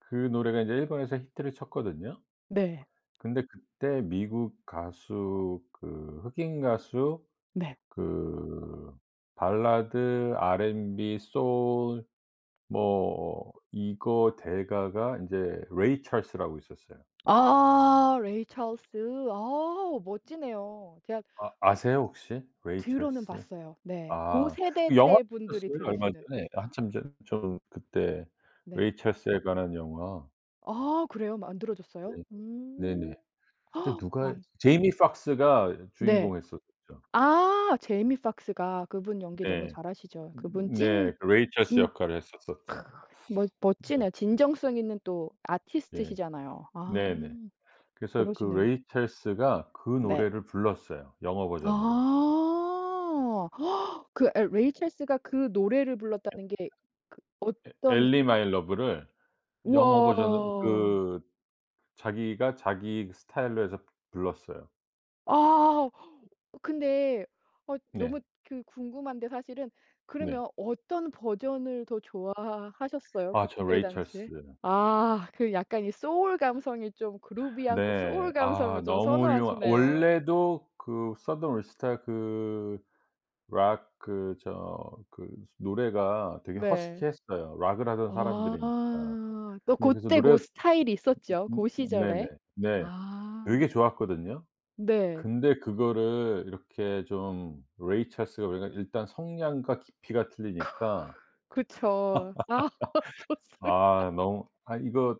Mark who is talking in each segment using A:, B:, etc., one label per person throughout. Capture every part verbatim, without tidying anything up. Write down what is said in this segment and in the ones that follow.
A: 그 노래가 이제 일본에서 히트를 쳤거든요.
B: 네.
A: 근데 그때 미국 가수 그 흑인 가수
B: 네.
A: 그 발라드 알앤비 소울 뭐 이거 대가가 이제 Ray Charles라고 있었어요.
B: 아 Ray Charles. 아 멋지네요. 제가
A: 아 아세요 혹시? Ray
B: 들어는
A: Charles.
B: 봤어요. 네. 고
A: 아
B: 세대
A: 영화도
B: 때 분들이
A: 나왔어요 얼마
B: 들으시는.
A: 전에. 한참 전에 저는 그때
B: 네.
A: Ray Charles에 관한 영화.
B: 아 그래요? 만들어졌어요?
A: 네.
B: 음.
A: 네네. 그때 누가
B: 아.
A: Jamie Foxx가
B: 네.
A: 주인공 했었죠.
B: 아 Jamie Foxx가. 그분 연기 너무
A: 네.
B: 잘하시죠. 그분 찐
A: 네. 그 Ray Charles
B: 진
A: 역할을
B: 크
A: 했었었죠.
B: 멋
A: 네.
B: 멋지네요. 진정성 있는 또
A: 예.
B: 아티스트시잖아요. 아.
A: 네네. 그래서 그
B: 그러시네요.
A: Ray Charles가 그
B: 네.
A: 노래를 불렀어요 영어 버전으로.
B: 아. 그 에 Ray Charles가 그 노래를 불렀다는 게 그
A: 에
B: 어떤
A: Ellie My Love를 영어 버전으로
B: 우와.
A: 그 자기가 자기 스타일로 해서 불렀어요.
B: 아 근데 어
A: 네.
B: 너무 그 궁금한데 사실은
A: 네.
B: 그러면 어떤 버전을 더 좋아하셨어요,
A: 아 저
B: 그때
A: Ray Charles.
B: 당시에? 아 그 약간 이 소울 감성이 좀 groovy한 그
A: 네.
B: 소울
A: 아
B: 감성을 좀
A: 너무 훌륭한
B: 선호하시네요.
A: 원래도 그 Southern All Star 그 락 그 저 그 노래가 되게
B: 네.
A: 허스키했어요. 락을 하던
B: 아.
A: 사람들이니까.
B: 아 또
A: 네 그래서
B: 그때 그
A: 노래
B: 스타일이 있었죠?
A: 음
B: 고
A: 네네.
B: 시절에.
A: 네.
B: 아.
A: 되게 좋았거든요?
B: 네.
A: 근데 그거를 이렇게 좀 Ray Charles가 우리가 일단 성량과 깊이가 틀리니까
B: 그쵸. 아 좋습니다.
A: 아 너무 아 이거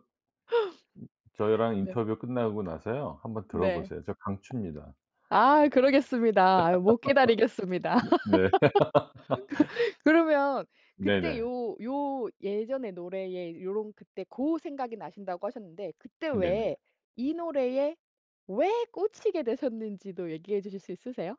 A: 저희랑
B: 네.
A: 인터뷰 끝나고 나서요. 한 번
B: 네.
A: 들어보세요. 진짜 강추입니다.
B: 아 그러겠습니다. 아 못 기다리겠습니다.
A: 네.
B: 그 그러면 그때
A: 네네.
B: 요 요 예전의 노래에 요런 그때 고 생각이 나신다고 하셨는데 그때 왜
A: 네네.
B: 이 노래에 왜 꽂히게 되셨는지도 얘기해 주실 수 있으세요?